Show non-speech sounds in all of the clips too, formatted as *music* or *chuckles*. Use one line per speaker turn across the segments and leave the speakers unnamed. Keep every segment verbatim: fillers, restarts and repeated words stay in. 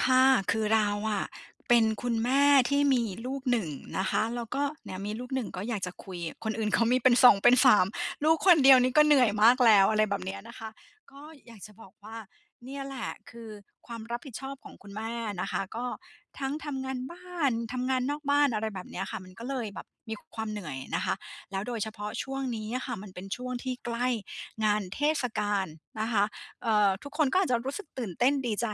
ค่ะ คือเราอะเป็นคุณแม่ที่มีลูก หนึ่ง นะคะ แล้วก็ เนี่ยมีลูกหนึ่งก็อยากจะคุย คนอื่น เขามีเป็นเขามีเป็น สอง เป็น สาม ลูกคนเดียวนี่ก็เหนื่อยมากแล้ว อะไรแบบเนี้ยนะคะ ก็อยากจะบอกว่า เนี่ยแหละ คือความรับผิดชอบของคุณแม่นะคะ ก็ทั้งทำงานบ้าน ทำงานนอกบ้าน อะไรแบบเนี้ยค่ะ มันก็เลยแบบมีความเหนื่อยนะคะ แล้วโดยเฉพาะช่วงนี้อะค่ะ มันเป็นช่วงที่ใกล้งานเทศกาลนะคะ เอ่อ ทุกคนก็อาจจะรู้สึกตื่นเต้น ดีใจ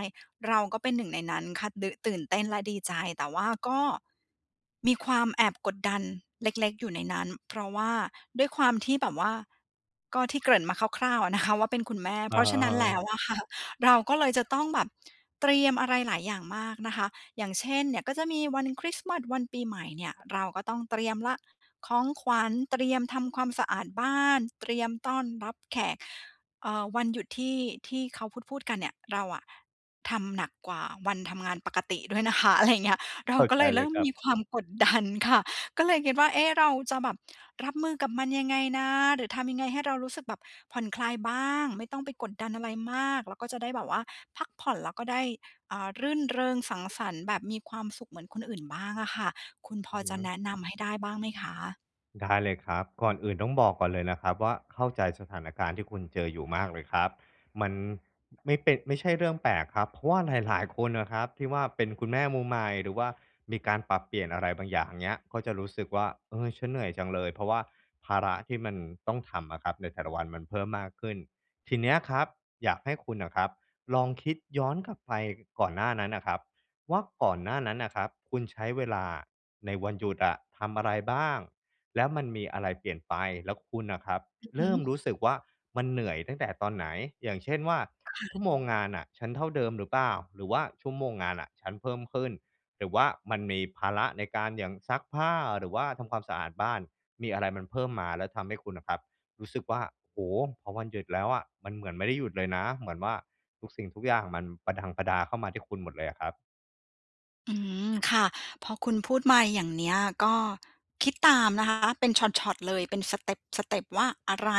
เราก็เป็นหนึ่งในนั้นค่ะ ดื่น ตื่นเต้นและดีใจ แต่ว่าก็ มีความแอบกดดันเล็ก ๆ อยู่ในนั้น เพราะว่าด้วยความที่แบบว่า ก็ที่เกริ่นมาคร่าว ๆ อะนะคะ ว่าเป็นคุณแม่
อ
เพ
ะ
ราะ
ฮ
ฉ
ะ
ะนั
ฮ
้นแล้
า
ว อะค่ะ เราก็เลยจะต้องแบบ เตรียมอะไรหลายอย่างมากนะคะ อย่างเช่น เนี่ยก็จะมีวันคริสต์มาส วันปีใหม่เนี่ย เราก็ต้องเตรียมล่ะ ของขวัญ เตรียมทำความสะอาดบ้าน เตรียมต้อนรับแขก เอ่อ วันหยุดที่ ที่เขาพูด ๆ กันเนี่ย เราอะทำหนักกว่าวันทำงานปกติด้วย นะคะ อะไรอย่างเงี้ย เรา
เข้า
ก็
ใจ
เลยเ
เ
ร
ล
ิ
ย
่ม
ครั
ม
บ
ีความ กดดันค่ะ ก็เลยคิดว่า เอ๊ะ! เราจะแบบรับมือกับมันยังไงนะ? หรือทำยังไงให้เรารู้สึกแบบผ่อนคลายบ้าง ไม่ต้องไปกดดันอะไรมาก แล้วก็จะได้แบบว่าพักผ่อนแล้วก็ได้ อ่า รื่นเริงสังสรรค์แบบมีความสุขเหมือนคนอื่นบ้างอะค่ะ คุณพ
อื
อ
อฮ
จะแน
ึ
ะนำให้ได้บ้างไหมคะ?
ได้เลยครับ ก่อนอื่นต้องบอกก่อนเลยนะครับว่า เข้าใจสถานการณ์ที่คุณเจออยู่มากเลยครับ มันไม่เป ไม่ใช่เรื่องแปลกครับ เพราะว่าหลาย ๆ คนอะครับที่ว่า เป็นคุณแม่มือใหม่ หรือว่ามีการปรับเปลี่ยนอะไรบางอย่าง เงี้ย ก็จะรู้สึกว่า "เออ ฉันเหนื่อยจังเลย" เพราะว่าภาระที่มันต้องทำอะครับ ในแต่ละวันมันเพิ่มมากขึ้น ทีเนี้ยครับอยากให้คุณน่ะครับ ลองคิดย้อนกลับไปก่อนหน้านั้นน่ะครับว่า ก่อนหน้านั้นน่ะครับคุณใช้เวลาในวันหยุดอะ ทำอะไรบ้าง? แล้วมันมีอะไรเปลี่ยนไป แล้วคุณอะครับ
อือฮ
เริ่
ึ
มรู้สึกว่า มันเหนื่อยตั้งแต่ตอนไหน? อย่างเช่นว่า
ค่
ชั
ะ
่วโมงงานน่ะฉันเท่าเดิมหรือเปล่า? หรือว่าชั่วโมงงานน่ะฉันเพิ่มขึ้น? หรือว่ามันมีภาระในการอย่างซักผ้า หรือว่าทำความสะอาดบ้าน มีอะไรมันเพิ่มมาแล้วทำให้คุณอะครับรู้สึกว่า โอ้โฮ พอวันหยุดแล้วอะมันเหมือนไม่ได้หยุดเลยนะ เหมือนว่าทุกสิ่งทุกอย่างมันประดังประดาเข้ามาที่คุณหมดเลยอะครับ
อืม ค่ะ พอคุณพูดมาอย่างเนี้ยก็คิดตามนะคะ เป็นช็อต ๆ เลย เป็นสเตป ๆ ว่า อะไร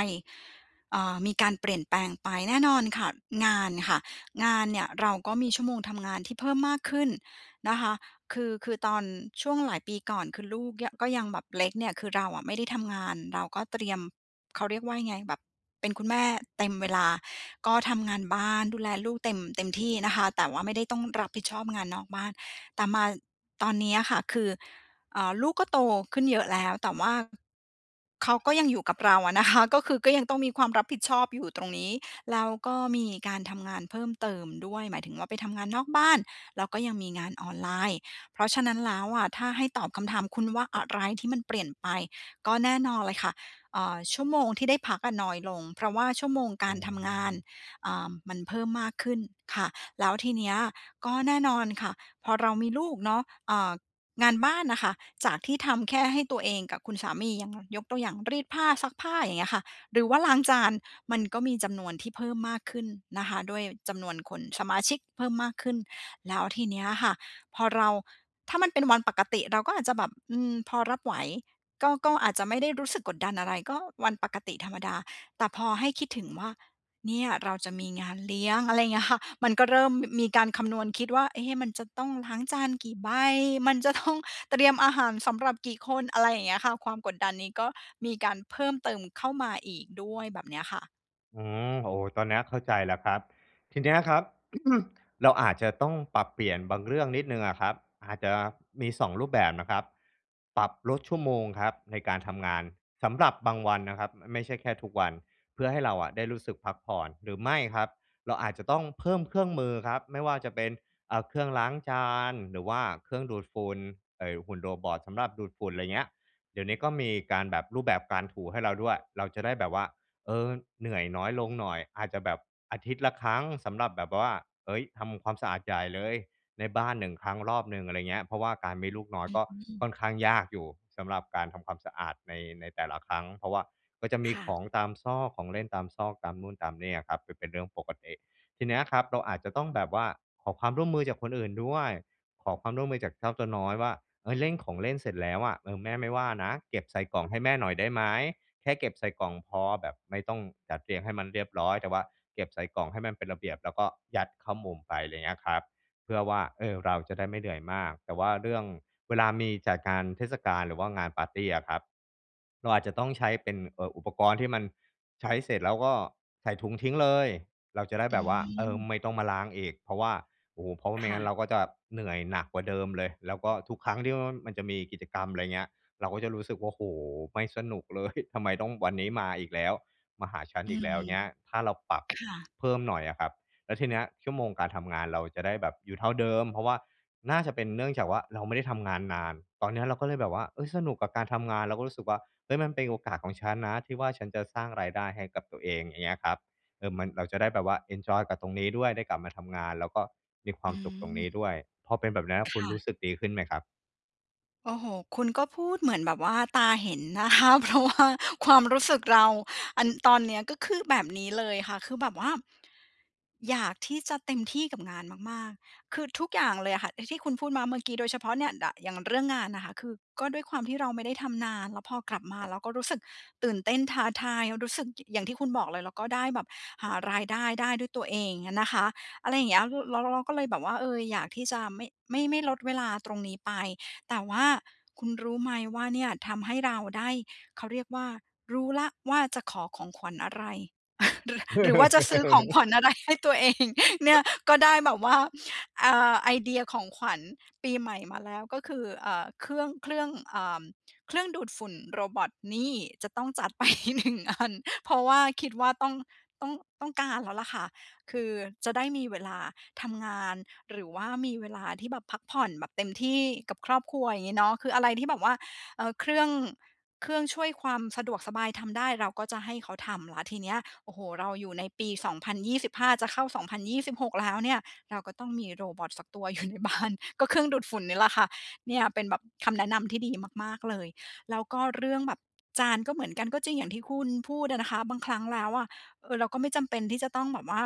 เอ่อ มีการเปลี่ยนแปลงไป แน่นอนค่ะ งานค่ะ งานเนี่ยเราก็มีชั่วโมงทำงานที่เพิ่มมากขึ้นนะคะ คือ คือตอนช่วงหลายปีก่อน คือลูกเนี่ย ก็ยังแบบเล็กเนี่ย คือเราอะไม่ได้ทำงาน เราก็เตรียม เขาเรียกว่ายังไง แบบเป็นคุณแม่เต็มเวลา ก็ทำงานบ้านดูแลลูกเต็ม เต็มที่นะคะ แต่ว่าไม่ได้ต้องรับผิดชอบงานนอกบ้าน แต่มาตอนเนี้ยค่ะ คือ เอ่อ ลูกก็โตขึ้นเยอะแล้ว แต่ว่าเขาก็ยังอยู่กับเราอะนะ คะ ก็คือก็ยังต้องมีความรับผิดชอบอยู่ตรงนี้ แล้วก็มีการทำงานเพิ่มเติมด้วย หมายถึงว่า ไปทำงานนอกบ้าน แล้วก็ยังมีงานออนไลน์ เพราะฉะนั้นแล้วอะ ถ้าให้ตอบคำถามคุณว่า อะไรที่มันเปลี่ยนไป ก็แน่นอนเลยค่ะ เอ่อ ชั่วโมงที่ได้พักอะน้อยลง เพราะว่าชั่วโมงก
อื
ารทำงาน
ม
อ่า มันเพิ่มมากขึ้นค่ะ แล้วทีเนี้ยก็แน่นอนค่ะ พอเรามีลูกเนาะ เอ่อ งานบ้านน่ะค่ะ จากที่ทำแค่ให้ตัวเองกับคุณสามียัง ยกตัวอย่าง รีดผ้า ซักผ้า อย่างเงี้ยค่ะ หรือว่าล้างจาน มันก็มีจำนวนที่เพิ่มมากขึ้นนะคะด้วยจำนวนคน สมาชิกเพิ่มมากขึ้น แล้วทีเนี้ยค่ะ พอเรา ถ้ามันเป็นวันปกติเราก็อาจจะแบบ อืม พอรับไหว ก็ ก็อาจจะไม่ได้รู้สึกกดดันอะไร ก็วันปกติธรรมดา แต่พอให้คิดถึงว่า เนี่ยเราจะมีงานเลี้ยง อะไรอย่างเงี้ยค่ะ มันก็เริ่ม ม มีการคำนวณคิดว่า เอ๊ะ มันจะต้องล้างจานกี่ใบ มันจะ ต้อง เตรียมอาหารสำหรับกี่คน อะไรอย่างเงี้ยค่ะ ความกดดันนี้ก็มีการเพิ่มเติมเข้ามาอีกด้วย แบบเนี้ยค่ะ
อืม โอ้! ตอนเนี้ยเข้าใจแล้วครับ ทีเนี้ยอะครับ *clears throat* เราอาจจะต้องปรับเปลี่ยนบางเรื่องนิดหนึ่งอะครับ อาจจะมี สอง รูปแบบนะครับ ปรับลดชั่วโมงครับในการทำงาน สำหรับบางวันนะครับ ไม่ใช่แค่ทุกวัน เพื่อให้เราอะได้รู้สึกพักผ่อน หรือไม่ครับ เราอาจจะต้องเพิ่มเครื่องมือครับ ไม่ว่าจะเป็น อ่า เครื่องล้างจาน หรือว่าเครื่องดูดฝุ่น ไอ้หุ่น Robot สำหรับดูดฝุ่น ไรเงี้ย เดี๋ยวนี้ก็มีการแบบ รูปแบบการถูให้เราด้วย เราจะได้แบบว่า เออ เหนื่อยน้อยลงหน่อย อาจจะแบบอาทิตย์ละครั้ง สำหรับแบบ บ ว่า เฮ้ย! ทำความสะอาดใหญ่เลย ในบ้าน หนึ่ง ครั้งรอบหนึ่ง อะไรเงี้ย เพราะว่าการมีลูกน้อ
อ
ย
ื
ก็ค่
ม
อนข้างยากอยู่สำหรับการทำความสะอาดใน ในแต่ละครั้ง เพราะว่าก็จะม
ค
ี
่
ข
ะ
องตามซอก ของเล่นตามซอก ตามนู่นตามนี่อะครับ ป เป็นเรื่องปกติ ทีเนี้ยอะครับเราอาจจะต้องแบบว่า ขอความร่วมมือจากคนอื่นด้วย ขอความร่วมมือจากเจ้าตัวน้อยว่า "เฮ้ย! เร่งของเล่นเสร็จแล้วอะ เออ แม่ไม่ว่านะ เก็บใส่กล่องให้แม่หน่อยได้ไหม? แค่เก็บใส่กล่องพอ แบบไม่ต้องจัดเรียงให้มันเรียบร้อย แต่ว่าเก็บใส่กล่องให้มันเป็นระเบียบ แล้วก็ยัดเข้ามุมไป" อะไรอย่างเงี้ยครับ เพื่อว่า เออ เราจะได้ไม่เหนื่อยมาก แต่ว่าเรื่อง เวลามีจัดงานเทศกาล หรือว่างานปาร์ตีอะครับ เราอาจจะต้องใช้เป็น เอ่อ อุปกรณ์ที่มัน ใช้เสร็จ แล้วก็ใส่ถุงทิ้งเลย เราจะได้
อื
แบบว่า เออ
ม
ไม่ต้องมาล้างอีก เพราะว่า โอ้โฮ! เพราะว่าไม
ค
่
่
งั้นเ
ะ
ราก็จะแบบเหนื่อยหนักกว่าเดิมเลย แล้วก็ทุกครั้งที่ว้อน มันจะมีกิจกรรม อะไรเงี้ย เราก็จะรู้สึกว่า โอ้โฮ ไม่สนุก เลย! ทำไมต้อง วันนี้มาอีกแล้ว มาหาฉัน
อื
อีกแล้ว
ม
เงี้ย ถ้าเราปรับ
ค่ะ
เพิ่มหน่อยอะครับ แล้วทีเนี้ยชั่วโมงการทำงานเราจะได้แบบอยู่เท่าเดิม เพราะว่า น่าจะเป็นเนื่องจากว่า เราไม่ได้ทำงานนาน ตอนเนี้ยเราก็เลยแบบว่า เอ๊ย! สนุกกับการทำงาน แล้วก็รู้สึกว่า เฮ้ย! มันเป็นโอกาสของฉันนะ ที่ว่าฉันจะสร้างรายได้ให้กับตัวเอง อย่างเงี้ยครับ เออ มัน เราจะได้แบบว่าเอนจอยกับตรงนี้ด้วย ได้กลับมา ทำงาน แล้วก็มีควา
อื
มสุขตรงนี้
ม
ด้วย พอเป็นแบบเนี้ย
ค
คุณ
่
รู
ะ
้สึกดีขึ้นไหมครับ?
โอ้โฮ คุณก็พูดเหมือนแบบว่าตาเห็นนะ คะ เพราะว่า ความรู้สึกเรา อัน ตอนนี้ก็คือแบบนี้เลยค่ะ คือแบบว่า อยากที่จะเต็มที่กับงานมาก ๆ คือทุกอย่างเลยอะค่ะ อ ที่คุณพูดมาเมื่อกี้ โดยเฉพาะเนี่ย ด อย่างเรื่องงานนะคะ คือก็ด้วยความที่เราไม่ได้ทำนาน แล้วพอกลับมาเราก็รู้สึกตื่นเต้น ท้าทาย รู้สึกอย่างที่คุณบอกเลย แล้วก็ได้แบบหารายได้ได้ด้วยตัวเองนะคะ อะไรอย่างเงี้ย ล แล้ว แล้วเราก็เลยแบบว่า เออ อยากที่จะไม่ ไม่ ไม่ลดเวลาตรงนี้ไป แต่ว่าคุณรู้ไหมว่าเนี่ยทำให้เราได้ เขาเรียกว่า รู้แล้วว่า จะขอของขวัญอะไร *chuckles* หรือ หรือว่าจะซื้อของขวัญ
*laughs*
อะไรให้ตัวเอง เนี่ย ก็ได้แบบ ว่า อ่า ไอเดียของขวัญปีใหม่มาแล้ว ก็คือ เอ่อ เครื่อง เครื่อง เอ่อ เครื่องดูดฝุ่นโรบอต นี่! จะต้องจัด ไป หนึ่ง อัน เพราะว่าคิดว่าต้อง ต้อง ต้องการแล้วล่ะค่ะ คือจะได้มีเวลาทำงาน หรือว่ามีเวลาที่แบบพักผ่อนแบบเต็มที่กับครอบครัว อย่างงี้เนาะ คืออะไรที่แบบว่า เออ เครื่อง เครื่องช่วยความสะดวกสบายทำได้ เราก็จะให้เขาทำแล้วทีเนี้ย โอ้โฮ เราอยู่ในปี สองพันยี่สิบห้า จะเข้า สองพันยี่สิบหก แล้วเนี่ย เราก็ต้องมีโรบอตสักตัว อยู่ในบ้าน ก็เครื่องดูดฝุ่นนี่แหละค่ะ เนี่ยเป็นแบบคำแนะนำที่ดีมาก ๆ เลย แล้วก็เรื่องแบบจานก็เหมือนกัน ก็จริงอย่างที่คุณพูดอะนะคะ บางครั้งแล้วอะ เออ เราก็ไม่จำเป็นที่จะต้องแบบว่า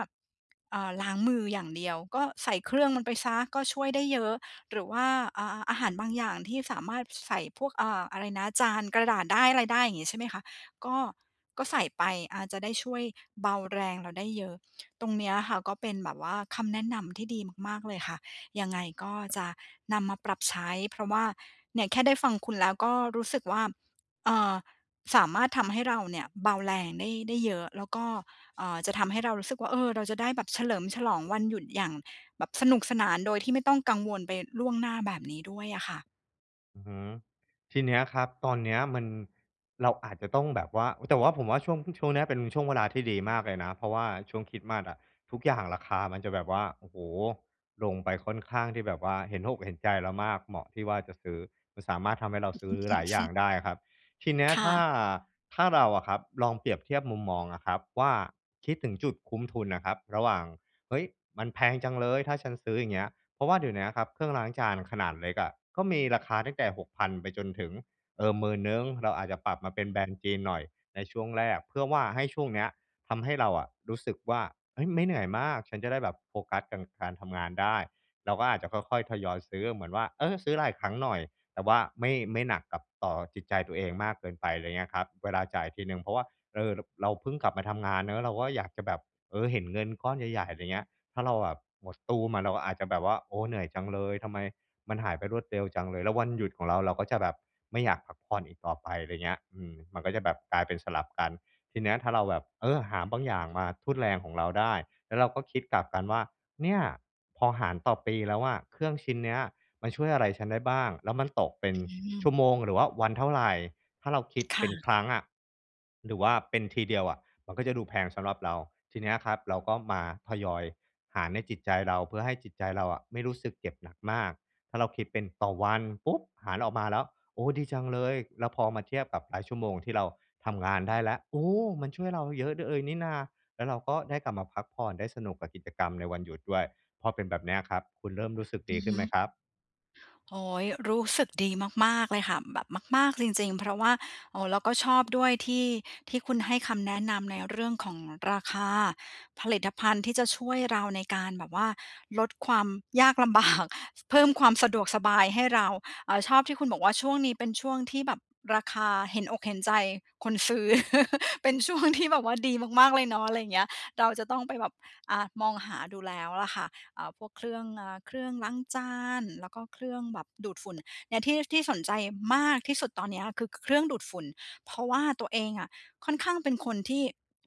เอ่อ ล้างมืออย่างเดียว ก็ใส่เครื่องมันไปเสีย ก็ช่วยได้เยอะ หรือว่า อ่า อาหารบางอย่างที่สามารถ ส ใส่พวก เออ อะไรนะ จานกระดาษได้ อะไรได้ อย่างงี้ใช่ไหมคะ ก็ ก็ใส่ไป อ่า จะได้ช่วยเบาแรงเราได้เยอะ ตรงเนี้ยค่ะก็เป็นแบบว่าคำแนะนำที่ดีมาก ๆ เลยค่ะ ยัง ไงก็จะนำมาปรับใช้ เพราะว่า เนี่ยแค่ได้ฟังคุณแล้วก็รู้สึกว่า เอ่อ สามารถทำให้เราเนี่ยเบาแรงได้ ได้เยอะ แล้วก็ เอ่อ จะทำให้เรารู้สึกว่า เออ เราจะได้แบบเฉลิมฉลองวันหยุดอย่างแบบสนุกสนานโดยที่ไม่ต้องกังวลไปล่วงหน้าแบบนี้ด้วยอะค่ะ
อือฮึ ทีเนี้ยครับ ตอนเนี้ยมัน เราอาจจะต้องแบบว่า โอ้ แต่ว่าผมว่าช่วงเพิ่ง ช่วงเนี้ยเป็นช่วงเวลาที่ดีมากเลยนะ เพราะว่าช่วงคริสต์มาสอะ ทุกอย่างราคามันจะแบบว่า โอ้โฮ ลงไปค่อนข้างที่แบบว่าเห็นอกเห็นใจเรามาก เหมาะที่ว่าจะซื้อ มันสามารถทำให้เราซื้อหลายอย่าง
*unintelligible*
ได้อะครับ ทีเนี้ย
ค่
ถ้า
ะ
ถ้าเราอะครับลองเปรียบเทียบมุมมองอะครับว่า คิดถึงจุดคุ้มทุนอะครับ ระหว่าง เฮ้ย! มันแพงจังเลย ถ้าฉันซื้อ อย่างเงี้ย เพราะว่าเดี๋ยวเนี้ยอะครับเครื่องล้างจานขนาดเล็กอะก็มีราคาตั้งแต่ หกพัน ไปจนถึง เอ่อ หมื่นหนึ่ง เราอาจจะปรับมาเป็นแบรนด์จีนหน่อยในช่วงแรก เพื่อว่าให้ช่วงเนี้ยทำให้เราอะรู้สึกว่า เฮ้ย ไม่เหนื่อยมาก ฉันจะได้แบบโฟกัสกัน การทำงานได้ เราก็อาจจะค่อย ๆ ทยอยซื้อ เหมือนว่า เออ ซื้อหลายครั้งหน่อย แต่ว่าไม่ ไม่หนักกับ ต่อจิตใจตัวเองมากเกินไป ไรเงี้ยครับ เวลาจ่ายทีหนึ่งเพราะว่า เออ ร เราเพิ่งกลับมาทำงานเนาะ เราก็อยากจะแบบ เออ เห็นเงินก้อนใหญ่ ๆ อะไรเงี้ย ถ้าเราแบบหมดตู้มอะ เราอาจจะแบบว่า โอ้ เหนื่อยจังเลย ทำไมมันหายไปรวดเร็วจังเลย แล้ววันหยุดของเรา เราก็จะแบบไม่อยากพักผ่อนอีกต่อไป ไรเงี้ย อืม มันก็จะแบบกลายเป็นสลับกัน ทีเนี้ยถ้าเราแบบ เออ หาบางอย่างมาทุ่นแรงของเราได้ แล้วเราก็คิดกลับกันว่า เนี่ยพอหารต่อปีแล้วอะ เครื่องชิ้นเนี้ยมันช่วยอะไรฉันได้บ้าง แล้วมันตกเป็น
อื
ช
ม
ั่วโมงหรือว่าวันเท่าไร ถ้าเราคิด
ค
เป
่
็น
ะ
ครั้งอะหรือว่าเป็นทีเดียวอะ มันก็จะดูแพงสำหรับเรา ทีเนี้ยครับเราก็มาทยอยหารในจิตใจเรา เพื่อให้จิตใจเราอะไม่รู้สึกเจ็บหนักมาก ถ้าเราคิดเป็นต่อวัน ปุ๊บ หารออกมาแล้ว โอ้! ดีจังเลย แล้วพอมาเทียบกับรายชั่วโมงที่เราทำงานได้แล้ว โอ้! มันช่วยเราเยอะ เดอ เอยนี่นา แล้วเราก็ได้กลับมาพักผ่อน ได้สนุกกับกิจกรรมในวันหยุดด้วย พอเป็นแบบเนี้ยครับ คุณเริ่มรู้สึก
อ
ด
ื
ี
อ
ข
ฮ
ึ้นไหม
ึ
ครับ?
โอ้โฮ รู้สึกดีมาก ๆ เลยค่ะ แบบมาก ๆ จริง ๆ เพราะว่า โอ้ เราก็ชอบด้วยที่ ที่คุณให้คำแนะนำในเรื่องของราคาผลิตภัณฑ์ที่จะช่วยเราในการแบบว่าลดความยากลำ บาก ส เพิ่มความสะดวกสบายให้เรา อ่า ชอบที่คุณบอกว่า "ช่วงนี้เป็นช่วงที่แบบราคาเห็นอกเห็นใจคนซื้อ" *chuckles* เป็น ช่วงที่แบบว่า ดีมาก ๆ เลยเนาะ อะไรเงี้ย เราจะต้องไปแบบ อ่า มองหาดูแล้วล่ะค่ะ อ่า พวกเครื่อง อ่า เครื่องล้างจาน แล้วก็เครื่องแบบดูดฝุ่น เนี่ยที่ ที่สนใจมากที่สุดตอนเนี้ยคือ ค เครื่องดูดฝุ่น เพราะว่าตัวเองอะค่อนข้างเป็นคนที่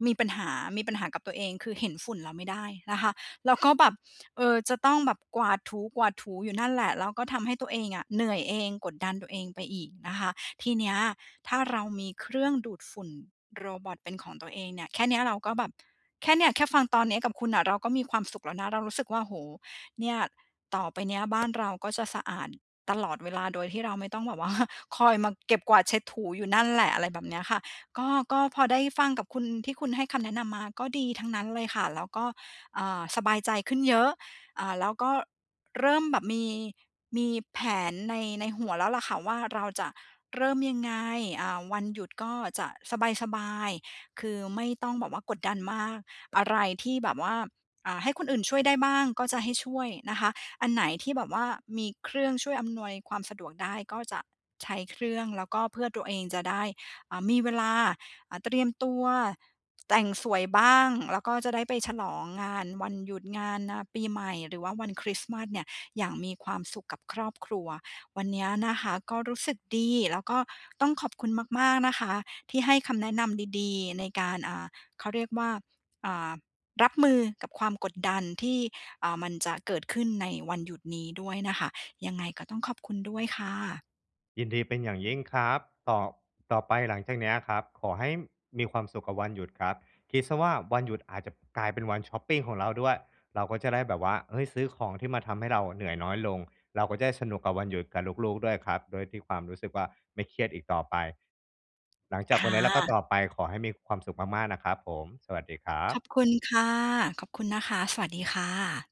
มีปัญหา มีปัญหากับตัวเอง คือเห็นฝุ่นแล้วไม่ได้นะคะ แล้ว ก็แบบ เออ จะต้องแบบกวาดถู ๆ อยู่นั่นแหละ แล้วก็ทำให้ตัวเองอะเหนื่อยเอง กดดันตัวเองไปอีกนะคะ ทีเนี้ยถ้าเรามีเครื่องดูดฝุ่นโรบอตเป็นของตัวเองเนี่ย แค่เนี้ยเราก็แบบ แค่เนี้ยแค่ฟังตอนนี้กับคุณน่ะเราก็มีความสุขแล้วนะ เรารู้สึกว่า โอ้โฮ เนี่ยต่อไปเนี้ยบ้าน เราก็จะสะอาดตลอดเวลาโดยที่เราไม่ต้องแบบ ว่า คอยมาเก็บ กวาด เช็ด ถู อยู่นั่นแหละ อะไรแบบเนี้ยค่ะ ก็ ก็พอได้ฟังกับคุณ ที่คุณให้คำแนะนำมาก็ดีทั้งนั้นเลยค่ะ แล้วก็ อ่า สบายใจขึ้นเยอะ อ่า แล้วก็เริ่มแบบมี มีแผนใน ในหัวแล้วล่ะค่ะว่าเราจะเริ่มยังไง อ่า วันหยุดก็จะสบาย ๆ คือไม่ต้องแบบว่ากดดันมาก อะไรที่แบบว่า อ่า ให้คนอื่นช่วยได้บ้างก็จะให้ช่วยนะคะ อันไหนที่แบบว่า มีเครื่องช่วยอำนวยความสะดวกได้ก็จะใช้เครื่อง แล้วก็เพื่อตัวเองจะได้ อ่า มีเวลา อ่า เตรียมตัว แต่งสวยบ้าง แล้วก็จะได้ไปฉลองงานวันหยุด งาน อ่า ปีใหม่ หรือว่าวันคริสต์มาสเนี่ย อย่างมีความสุขกับครอบครัว วันเนี้ยนะคะก็รู้สึกดี แล้วก็ต้องขอบคุณมาก ๆ นะคะ ที่ให้คำแนะนำดี ๆ ในการ อ่า เขาเรียกว่า อ่า รับมือกับความกดดันที่ อ่า มันจะเกิดขึ้นในวันหยุดนี้ด้วยนะคะ ยังไงก็ต้องขอบคุณด้วยค่ะ
ยินดีเป็นอย่างยิ่งครับ ตอบ ต่อไปหลังจากเนี้ยครับ ขอให้มีความสุขกับวันหยุดครับ คิดเสียว่าวันหยุดอาจจะกลายเป็นวันชอปปิงของเราด้วย เราก็จะได้แบบว่า เฮ้ย ซื้อของที่มาทำให้เราอะเหนื่อยน้อยลง เราก็จะได้สนุกกับวันหยุดกับลูก ๆ ด้วยครับ ด้วยที่ความรู้สึกว่าไม่เครียดอีกต่อไป หลังจ
ค
ากวั
่
นเนี้ย แล้วก็
ะ
ต่อไปขอให้มีความสุขมาก ๆ นะครับผม สวัสดีครั
ข
บ
อบคุณค่ะ ขอบคุณนะคะ สวัสดีค่ะ